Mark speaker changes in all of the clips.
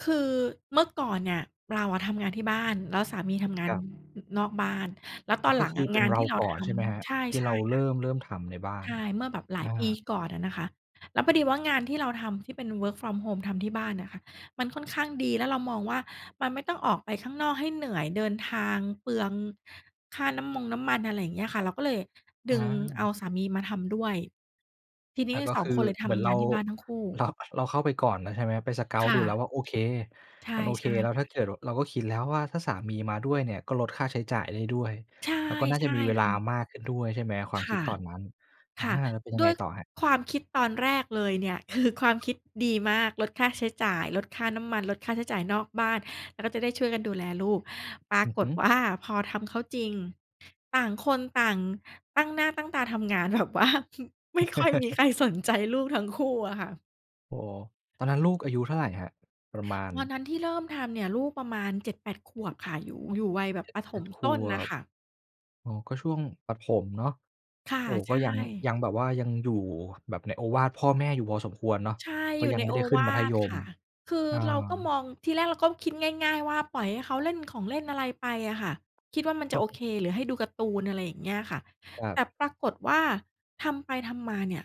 Speaker 1: คือเมื่อก่อนเนี่ยเราอะทำงานที่บ้าน แล้วสามีทำงา
Speaker 2: ค
Speaker 1: น
Speaker 2: รับ
Speaker 1: นอกบ้าน แล้วต
Speaker 2: อ๋
Speaker 1: อ
Speaker 2: อ
Speaker 1: นห
Speaker 2: ก
Speaker 1: ล
Speaker 2: ็
Speaker 1: ัง
Speaker 2: คื
Speaker 1: อ
Speaker 2: อ
Speaker 1: ะ
Speaker 2: เป
Speaker 1: ง
Speaker 2: ็น
Speaker 1: าน
Speaker 2: เร
Speaker 1: ที
Speaker 2: า
Speaker 1: ่เรา
Speaker 2: ก่อ
Speaker 1: ท
Speaker 2: นใช่ไหมครับ?
Speaker 1: ำ ใช่
Speaker 2: ที่
Speaker 1: ใช
Speaker 2: เ
Speaker 1: ่
Speaker 2: ราเ
Speaker 1: ค่
Speaker 2: ร
Speaker 1: ะ
Speaker 2: ิ่ม เริ่มทำในบ้า
Speaker 1: ใ
Speaker 2: น
Speaker 1: ช่ เมื่อหลา
Speaker 2: อ
Speaker 1: ย
Speaker 2: า
Speaker 1: ปีก่อนอะนะคะ แล้วพอดีว่างานที่เราทำที่เป็น Work from home ทำที่บ้านน่ะค่ะ มันค่อนข้างดี แล้วเรามองว่ามันไม่ต้องออกไปข้างนอกให้เหนื่อย เดินทางเปลืองค่าน้ำมงน้ำมัน อะไรอย่างเงี้ยค่ะ เราก็เลย
Speaker 2: อ
Speaker 1: ดึงเอ
Speaker 2: า
Speaker 1: าสามีมาทำด้วย ที่นี
Speaker 2: อ
Speaker 1: ้
Speaker 2: า ก็
Speaker 1: สอ
Speaker 2: ค
Speaker 1: ง
Speaker 2: ือ
Speaker 1: คนเลยท
Speaker 2: เหมือน
Speaker 1: ำ
Speaker 2: เร
Speaker 1: ง
Speaker 2: า
Speaker 1: านที่บ้านทั้งคู่
Speaker 2: เรา เราเข้าไปก่อนแล้วใช่ไหม ไป
Speaker 1: ค
Speaker 2: Scout
Speaker 1: ่
Speaker 2: ดูแล้ว
Speaker 1: ะ
Speaker 2: ว่าโอเค
Speaker 1: ใช่
Speaker 2: มันโอเ
Speaker 1: ใ
Speaker 2: ค
Speaker 1: ช่
Speaker 2: แล้ว
Speaker 1: ค
Speaker 2: ถ้
Speaker 1: ่
Speaker 2: า
Speaker 1: ะ
Speaker 2: เกิด เราก็คิดแล้วว่าถ้าสามีมาด้วยเนี่ยก็ลดค่าใช้จ่ายได้ด้วย
Speaker 1: ใช่
Speaker 2: แล้วก็น่า
Speaker 1: ใช
Speaker 2: จะ
Speaker 1: ่
Speaker 2: มีเวล
Speaker 1: ค
Speaker 2: า
Speaker 1: ่ะ
Speaker 2: มากขึ้นด้วย ใช่ไหม ความ
Speaker 1: ค
Speaker 2: คิด
Speaker 1: ่ะ
Speaker 2: ตอนนั้น อา
Speaker 1: ค่ะ
Speaker 2: แล้วเป็นยั
Speaker 1: ด
Speaker 2: งไ
Speaker 1: ้
Speaker 2: ง
Speaker 1: วย
Speaker 2: ต่อครับ?
Speaker 1: ความคิดตอนแรกเลยเนี่ย คือความคิดดีมาก ลดค่าใช้จ่าย ลดค่าน้ำมัน ลดค่าใช้จ่ายนอกบ้าน แล้วก็จะได้ช่วยกันดูแลลูก ปรา
Speaker 2: อือ
Speaker 1: ก
Speaker 2: ฮ
Speaker 1: ฏ
Speaker 2: ึ
Speaker 1: ว่า พอทำเข้าจริง ต่างคนต่างตั้งหน้าตั้งตาทำงาน แบบว่า ไม่ค่อยมีใครสนใจลูกทั้งคู่อะค่ะ
Speaker 2: โอ้โฮ ตอนนั้นลูกอายุเท่าไหร่ครับ? ประมาณ
Speaker 1: ตอนนั้นที่เริ่มทำเนี่ย ลูกประมาณ 7-8 ขวบค่ะ อยู่ อยู่วัยแบ
Speaker 2: เ
Speaker 1: บ
Speaker 2: จ็
Speaker 1: ป
Speaker 2: ด
Speaker 1: ระ
Speaker 2: แ
Speaker 1: ถ
Speaker 2: ปด
Speaker 1: ม
Speaker 2: ข
Speaker 1: ต้น
Speaker 2: ว
Speaker 1: น่ะ
Speaker 2: บ
Speaker 1: ค่ะ
Speaker 2: อ๋อ ก็ช่วงประถมเนาะ
Speaker 1: ค่ะ
Speaker 2: โอ้โฮ
Speaker 1: ใ
Speaker 2: ก
Speaker 1: ช
Speaker 2: ็ยัง
Speaker 1: ่
Speaker 2: ยังแบบว่ายังอยู่แบบในโอวาทพ่อแม่อยู่พอสมควรเนาะ
Speaker 1: ใช่
Speaker 2: เพรา
Speaker 1: อย
Speaker 2: ะ
Speaker 1: ู่
Speaker 2: ยัง
Speaker 1: ใน
Speaker 2: ไม่
Speaker 1: โอ
Speaker 2: ได้ขึ้
Speaker 1: ว
Speaker 2: นมั
Speaker 1: า
Speaker 2: ธ
Speaker 1: ท
Speaker 2: ย
Speaker 1: ค
Speaker 2: ม
Speaker 1: ่ะ คือ
Speaker 2: อ
Speaker 1: เราก็ม
Speaker 2: า
Speaker 1: อง ทีแรกเราก็คิดง่าย ๆ ว่าปล่อยให้เขาเล่นของเล่นอะไรไปอะค่ะ คิดว่ามันจะโอเค หรือให้ดูการ์ตูน อะไรอย่างเงี้ยค่ะ
Speaker 2: ครั
Speaker 1: แต่
Speaker 2: บ
Speaker 1: ปรากฏว่าทำไปทำมาเนี่ย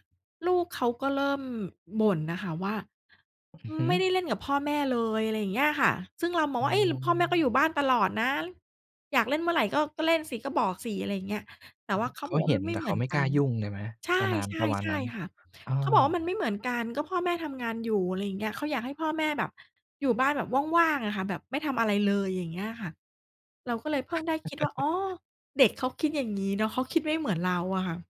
Speaker 1: ลูกเขาก็เริ่มบ่นน่ะค่ะว่า
Speaker 2: อือฮึ
Speaker 1: "ไม่ได้เล่นกับพ่อแม่เลย" อะไรอย่างเงี้ยค่ะ ซึ่งเรามอ
Speaker 2: อ
Speaker 1: ง
Speaker 2: ื
Speaker 1: ว่า เฮ้ย พ่อแม่ก็อย
Speaker 2: ม
Speaker 1: ู่บ้านตลอดนะ อยากเล่นเมื่อไหร่ก็ ก็เล่นสิ ก็บอกสิ อะไรอย่างเงี้ย แต่
Speaker 2: อ่
Speaker 1: ว่า
Speaker 2: า
Speaker 1: เข
Speaker 2: เ
Speaker 1: า
Speaker 2: ข
Speaker 1: บ
Speaker 2: า
Speaker 1: อกว่
Speaker 2: เห
Speaker 1: าม
Speaker 2: ็
Speaker 1: ั
Speaker 2: น
Speaker 1: นไม
Speaker 2: แ
Speaker 1: ่
Speaker 2: ต่
Speaker 1: เหม
Speaker 2: เข
Speaker 1: ื
Speaker 2: า
Speaker 1: อน
Speaker 2: ไม่
Speaker 1: ก
Speaker 2: ก
Speaker 1: ั
Speaker 2: ล้า
Speaker 1: น
Speaker 2: ยุ่งเลยไหม?
Speaker 1: ใช
Speaker 2: ป
Speaker 1: ่
Speaker 2: ระนาน ประมา
Speaker 1: ๆ
Speaker 2: ณ
Speaker 1: ใช
Speaker 2: น
Speaker 1: ่
Speaker 2: ั้น
Speaker 1: ค่ะ
Speaker 2: อ้อ
Speaker 1: เขาบอกว่ามันไม่เหมือนกัน ก็พ่อแม่ทำงานอยู่ อะไรอย่างเงี้ย เขาอยากให้พ่อแม่แบบ อยู่บ้านแบบว่าง ๆ อะค่ะ แบบไม่ทำอะไรเลย อย่างเงี้ยค่ะ เราก็เลยเพิ่งได้คิดว่า อ๋อ เด็กเขาคิดอย่างงี้เนาะ เขาคิดไม่เหมือนเราอะค่ะ